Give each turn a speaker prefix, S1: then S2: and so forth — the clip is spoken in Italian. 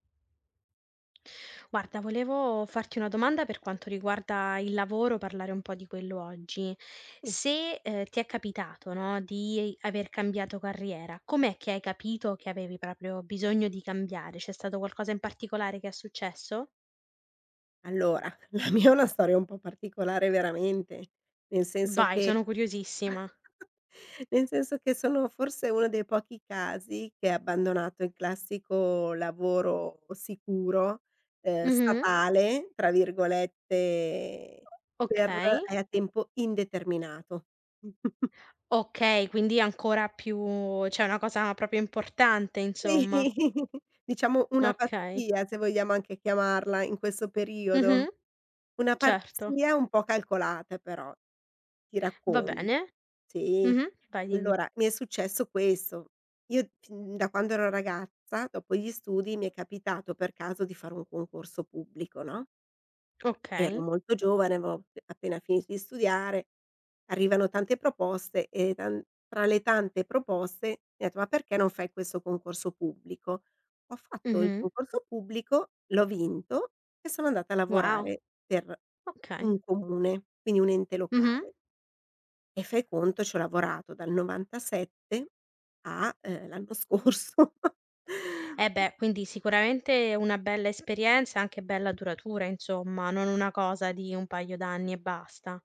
S1: Guarda, volevo farti una domanda per quanto riguarda il lavoro, parlare un po' di quello, oggi.
S2: Sì.
S1: Se, ehm, ti è capitato, no, di aver cambiato carriera, com'è che hai capito che avevi proprio bisogno di cambiare, c'è stato qualcosa in particolare che è successo?
S2: Allora, la mia è una storia un po' particolare, veramente, nel senso
S1: Vai,
S2: che
S1: sono curiosissima.
S2: nel senso che sono forse uno dei pochi casi che ha abbandonato il classico lavoro sicuro, ehm,
S1: Mh-mh.
S2: "statale", tra virgolette per
S1: Okay.
S2: ehm, a tempo indeterminato.
S1: Okay, quindi ancora più cioè una cosa proprio importante,
S2: Si,
S1: insomma.
S2: diciamo una
S1: Okay.
S2: pazzia, se vogliamo anche chiamarla, in questo periodo.
S1: Mh-mh.
S2: Una
S1: Certo.
S2: pazzia un po' calcolata, però; ti
S1: Va
S2: raccon
S1: bene.
S2: sì,
S1: Mh-mh, vai, dimmi.
S2: allora, mi è successo questo: io fin da quando ero ragazza, dopo gli studi, mi è capitato per caso di fare un concorso pubblico, no? Ero
S1: Okay.
S2: molto giovane, avevo ap appena finito di studiare, arrivano tante proposte e taN tra le tante proposte mi han detto: "Ma perché non fai questo concorso pubblico?". Ho fatto il
S1: Mh-mh.
S2: concorso pubblico, l'ho vinto e sono andata a
S1: Wow,
S2: lavorare per
S1: okay.
S2: un comune, quindi un ente
S1: Mh-mh.
S2: locale e fai conto c'ho lavorato dal '97 a, ehm, l'anno scorso.
S1: Eh, beh, quindi sicuramente una bella esperienza, anche bella duratura, insomma, non una cosa di un paio d'anni e basta.